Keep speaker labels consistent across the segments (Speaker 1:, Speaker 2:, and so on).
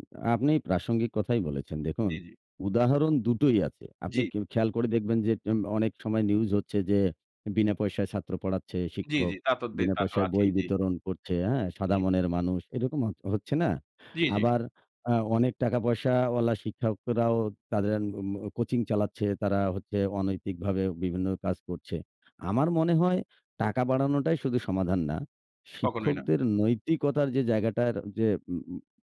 Speaker 1: আ আপনি প্রাসঙ্গিক কথাই বলেছেন। দেখুন,
Speaker 2: জি, জি।
Speaker 1: উদাহরণ দুটোই আছে। আপনি
Speaker 2: জি।
Speaker 1: ক খেয়াল করে দেখবেন যে, জন অনেক সময় নিউজ হচ্ছে যে, বিনা পয়সায় ছাত্র পড়াচ্ছে
Speaker 2: জি, জি,
Speaker 1: শিক্ষক,
Speaker 2: তা তো দে
Speaker 1: বিনা
Speaker 2: তা তো
Speaker 1: পয়সায় বই
Speaker 2: আছেই, জি।
Speaker 1: বিতরণ করছে, হ্যাঁ, সাদা
Speaker 2: জি।
Speaker 1: মনের মানুষ এরকম হচ হচ্ছে না।
Speaker 2: জি, জি।
Speaker 1: আবার আ অনেক টাকা পয়সাওয়ালা শিক্ষকরাও তাদের উম কোচিং চালাচ্ছে, তারা হচ্ছে অনৈতিকভাবে বিভিন্ন কাজ করছে। আমার মনে হয় টাকা বাড়ানোটাই শুধু সমাধান না।
Speaker 2: কখনোই না।
Speaker 1: শিক্ষকদের নৈতিকতার যে, জায়গাটার যে, উ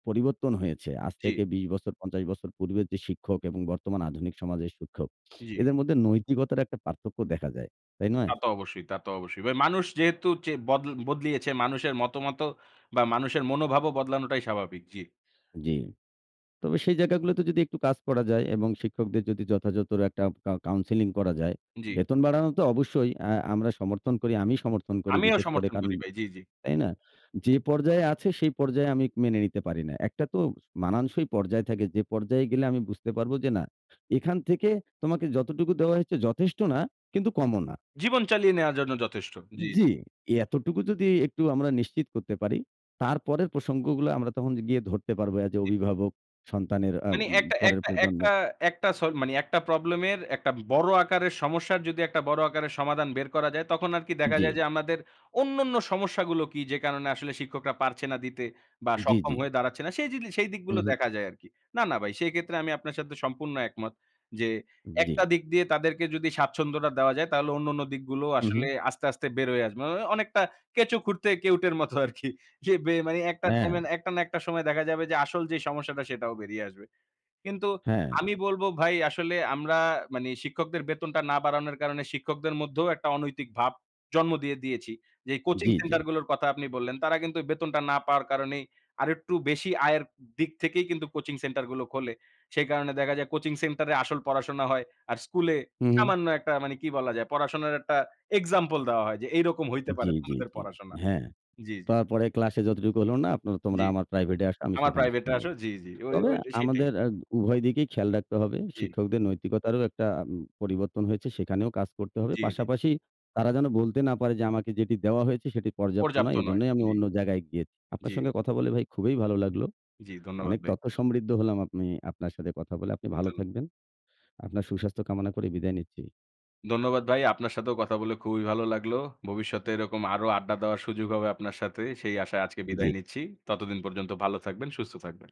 Speaker 1: পরিবর্তন হয়েছে আজ
Speaker 2: জি।
Speaker 1: থেকে ২০ বছর, ৫০ বছর পূর্বের যে, শিক্ষক এবং বর্তমান আধুনিক সমাজের শিক্ষক,
Speaker 2: জি।
Speaker 1: এদের মধ্যে নৈতিকতার একটা পার্থক্য দেখা যায়। তাই
Speaker 2: তা
Speaker 1: নয়?
Speaker 2: তো অবশ্যই, তা তো অবশ্যই। ভাই মানুষ যেহেতু চে বদ বদলিয়েছে, মানুষের মতামতও বা মানুষের মনোভাবও বদলানোটাই স্বাভাবিক। জি।
Speaker 1: জি। তবে সেই জায়গাগুলোতে যদি একটু কাজ করা যায় এবং শিক্ষকদের যদি যথাযথর একটা কা কাউন্সেলিং করা যায়,
Speaker 2: জি।
Speaker 1: বেতন বাড়ানো তো অবশ্যই অ্যা আমরা সমর্থন করি, আমি সমর্থন করি
Speaker 2: আমিও
Speaker 1: বিশেষ করে
Speaker 2: সমর্থন
Speaker 1: কারণ,
Speaker 2: করি ভাই। জি, জি।
Speaker 1: তাই না? যে, পর্যায়ে আছে সেই পর্যায়ে আমি মেনে নিতে পারি না। একটা তো মানানসই পর্যায় থাকে। যে পর্যায়ে গেলে আমি বুঝতে পারবো যে, না, এখান থেকে তোমাকে যতটুকু দেওয়া হচ্ছে যথেষ্ট না কিন্তু কমও না।
Speaker 2: জীবন চালিয়ে নেওয়ার জন্য যথেষ্ট, জি।
Speaker 1: জি, এতটুকু যদি একটু আমরা নিশ্চিত করতে পারি, তারপরের প্রসঙ্গগুলো আমরা তখন গিয়ে ধরতে পারবো as a
Speaker 2: জি।
Speaker 1: অভিভাবক সন্তানের অ্যা
Speaker 2: মানে
Speaker 1: উ
Speaker 2: একটা
Speaker 1: পরের
Speaker 2: একটা একটা
Speaker 1: প্রজন্মের।
Speaker 2: একটা স মানে একটা প্রবলেম এর একটা বড় আকারের সমস্যার যদি একটা বড় আকারের সমাধান বের করা যায় তখন আরকি দেখা যায়
Speaker 1: জি।
Speaker 2: যে, আমাদের অন্যান্য সমস্যাগুলো কি যে, কারণে আসলে শিক্ষকরা পারছে না দিতে বা
Speaker 1: জি,
Speaker 2: সক্ষম
Speaker 1: জি।
Speaker 2: হয়ে দাঁড়াচ্ছে না। সেই জিনি সেই
Speaker 1: হু,
Speaker 2: দিকগুলো
Speaker 1: হুম।
Speaker 2: দেখা যায় আরকি। না, না ভাই সেক্ষেত্রে আমি আপনার সাথে সম্পূর্ণ একমত যে,
Speaker 1: জি।
Speaker 2: একটা দিক দিয়ে তাদেরকে যদি স্বাচ্ছন্দ্যটা দেওয়া যায় তাহলে অন্যান্য দিকগুলো
Speaker 1: হু,
Speaker 2: আসলে
Speaker 1: হুম।
Speaker 2: আস্তে, আস্তে বের হয়ে আসবে। মানে অনেকটা কেঁচো খুঁড়তে কেউটের মতো আরকি। এ বে মানে একটা টাইমে,
Speaker 1: হ্যাঁ।
Speaker 2: একটা না একটা সময় দেখা যাবে যে, আসল যে, সমস্যাটা সেটাও বেরিয়ে আসবে। কিন্তু
Speaker 1: হ্যাঁ।
Speaker 2: আমি বলবো ভাই আসলে আমরা মানে, শিক্ষকদের বেতনটা না বাড়ানোর কারণে শিক্ষকদের মধ্যেও একটা অনৈতিক ভাব জন্ম দিয়ে দিয়েছি। যেই কোচিং
Speaker 1: জি,
Speaker 2: সেন্টার
Speaker 1: জি।
Speaker 2: গুলোর কথা আপনি বললেন, তারা কিন্তু বেতনটা না পাওয়ার কারণে আরেকটু বেশি আয়ের দিক থেকেই কিন্তু কোচিং সেন্টার গুলো খোলে। সেই কারণে দেখা যায় কোচিং সেন্টার এ আসল পড়াশোনা হয়, আর স্কুলে
Speaker 1: হুম, হুম।
Speaker 2: সামান্য একটা মানে কি বলা যায় পড়াশোনার একটা এক্সাম্পল দেওয়া হয় যে, এইরকম হইতে
Speaker 1: জি,
Speaker 2: পারে
Speaker 1: জি,
Speaker 2: তোমাদের
Speaker 1: জি।
Speaker 2: পড়াশোনা।
Speaker 1: হ্যাঁ।
Speaker 2: জি, জি।
Speaker 1: তারপরে ক্লাসে যতটুকু হলো না আপনারা
Speaker 2: জি।
Speaker 1: তোমরা আমার প্রাইভেট এ আসো আমি
Speaker 2: আমার
Speaker 1: সেখানে
Speaker 2: প্রাইভেটটা
Speaker 1: শিখাবো।
Speaker 2: আসো জি, জি। ওই,
Speaker 1: তবে
Speaker 2: ওই সেটাই।
Speaker 1: আমাদের আ উভয় দিকেই খেয়াল রাখতে হবে।
Speaker 2: জি।
Speaker 1: শিক্ষকদের নৈতিকতারও একটা উ পরিবর্তন হয়েছে, সেখানেও কাজ করতে হবে।
Speaker 2: জি, জি।
Speaker 1: পাশাপাশি তারা যেন বলতে না পারে যে, আমাকে যেটি দেওয়া হয়েছে সেটি পর্যাপ্ত নয়,
Speaker 2: পর্যাপ্ত নয়।
Speaker 1: এজন্যই আমি
Speaker 2: জি।
Speaker 1: অন্য জায়গায় গিয়েছি। আপনার
Speaker 2: জি।
Speaker 1: সঙ্গে কথা বলে ভাই খুবই ভালো লাগলো।
Speaker 2: জি, ধন্যবাদ
Speaker 1: অনেক
Speaker 2: ভাই।
Speaker 1: তথ্য সমৃদ্ধ হলাম আমি আপনার সাথে কথা বলে, আপনি ভালো
Speaker 2: ধন্য
Speaker 1: থাকবেন। আপনার সুস্বাস্থ্য কামনা করে বিদায় নিচ্ছি।
Speaker 2: ধন্যবাদ ভাই। আপনার সাথেও কথা বলে খুবই ভালো লাগলো। ভবিষ্যতে এরকম আরো আড্ডা দেওয়ার সুযোগ হবে আপনার সাথে। সেই আশায় আজকে
Speaker 1: জি।
Speaker 2: বিদায় নিচ্ছি। ততদিন পর্যন্ত ভালো থাকবেন, সুস্থ থাকবেন।